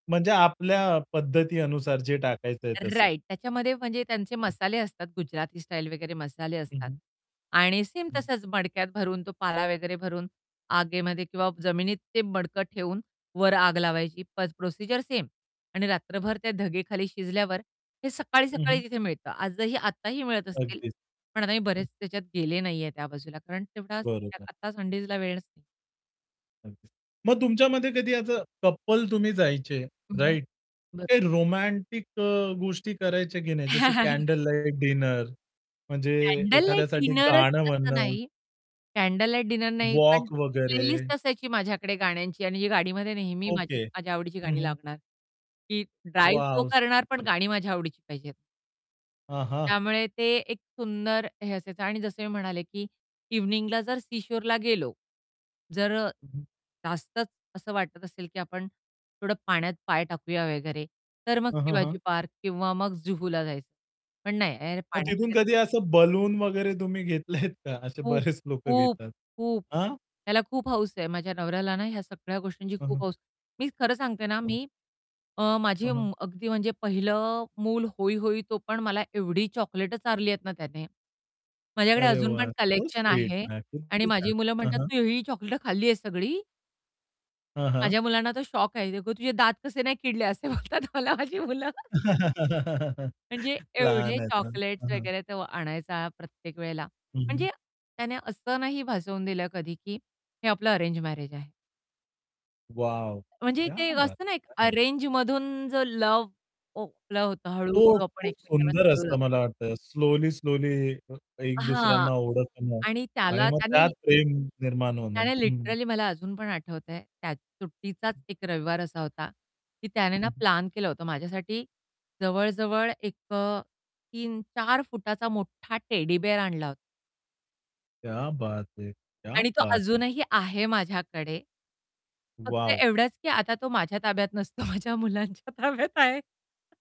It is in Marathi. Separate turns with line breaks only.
म्हणजे आपल्या पद्धती अनुसार जे टाकायचंय तसं.
राइट त्याच्यामध्ये म्हणजे त्यांचे
[unintelligible]
मसाले असतात, गुजराती स्टाईल वगैरे मसाले
हं,
असतात.
हं.
आणि सेम
हं.
तसंच मडक्यात भरून, तो पाला वगैरे भरून आगेमध्ये किंवा जमिनीत ते मडकं ठेवून, वर आग लावायची पेज प्रोसिजर सेम आणि रात्रभर त्या धगे खाली शिजल्यावर. हे
हं, हं.
सकाळी-सकाळी तिथे मिळतं. आजही आत्ताही मिळत असतील.
अगदीच.
पण आताही
हं.
बरेच त्याच्यात गेले नाहीये त्या बाजूला, कारण तेवढा
बरोबर.
आता संडेजला वेळच नाही.
अगदीच. मग तुमच्यामध्ये कधी असं कपल तुम्ही जायचे
हं.
राइट? मग
बरं.
काही रोमॅन्टिक अ, गोष्टी करायच्या की नाही जसं कॅन्डल लाईट डिनर, म्हणजे
कॅन्डल लाईट
एखाद्यासाठी गाणं
डिनरचं असं
म्हणणं.
नाही. कॅन्डल लाईट डिनर नाही, पण
वॉक वगैरे.
प्लेलिस्ट असायची माझ्याकडे गाण्यांची आणि जी गाडीमध्ये नेहमी माझी
ओके,
माझ्या आवडीची
हं,
गाणी
हं.
लागणार. की ड्राइव्ह तो
वॉव.
करणार पण
[unintelligible]
गाणी माझ्या आवडीची पाहिजेत.
हां, हां.
त्यामुळे ते एक सुंदर हे असायचं आणि जसं मी म्हणाले, की इव्हनिंगला जर सी शोरला गेलो. जर
हं, हं.
जास्तच असं वाटत असेल की आपण थोडं पाण्यात पाय टाकूया वगैरे, तर मग
हं, हं,
शिवाजी
हं.
पार्क किंवा मग जुहूला जायचं. पण नाही,
मग
पाण्यात
तिथून कधी
वगैरे
असं बलून वगैरे तुम्ही घेतलेत का? असे
खूप,
बरेच लोक
खूप,
घेतात.
खूप
आ?
त्याला खूप हौस आहे, माझ्या नवऱ्याला ना, ह्या सगळ्या गोष्टींची
हं,
खूप
हं.
हौस. मी खरं सांगते ना,
हं.
मी अ, माझी
हं, हं.
अगदी म्हणजे पहिलं मूल होय, होय तो पण मला एवढी चॉकलेट चारलीयेतना त्याने. माझ्याकडे
अरे
अजून पण
वाह, सो
कलेक्शन
स्वीट
आहे
[unintelligible]
आणि
किती छान.
माझी मुलं
हं,
म्हणतात,
हं.
"तू ही चॉकलेट खाल्ली आहे सगळी."
हां, हां.
माझ्या मुलांना तर शॉक आहे, "ये गो, तुझे दात कसे नाही किडले." असे बोलतात मला माझी मुलं. म्हणजे एवढे
लहान आहेत ना,
चॉकलेट्स
हं, हं.
वगैरे तो आणायचा प्रत्येक वेळेला.
हं, हं.
म्हणजे त्याने असं नाही भासवून दिलं कधी, की हे आपलं अरेंज मॅरेज आहे.
वॉव.
म्हणजे
क्या
ते एक
बात
असतं ना
है!
एक
क्या बात.
अरेंज मधून जर लव्ह ओ, लव्ह होतं
तो
हळू-हळू आपण
खूप
एकमेकाला
सुंदर
कळू
असतं
लागतो.
मला वाटत स्लोली, स्लोली एक
हां.
दुसऱ्यांना ओळखणं.
आणि
आणि
त्याला
मग
त्याने
त्यात प्रेम निर्माण होणं,
त्याने
हं, हं.
लिटरली मला अजून पण आठवतंय, त्यात सुट्टीचाच एक रविवार असा होता, की त्याने ना
हं, हं.
प्लॅन केलं होतं माझ्यासाठी जवळ, जवळ एक अ, 3-4 फुटाचा मोठा टेडी बिअर आणला होता.
क्या बात है! क्या
आणि तो
बात है!
अजूनही आहे माझ्याकडे. फक्त
वॉव!
एवढाच की आता तो माझ्या ताब्यात नसतो, माझ्या मुलांच्या ताब्यात आहे.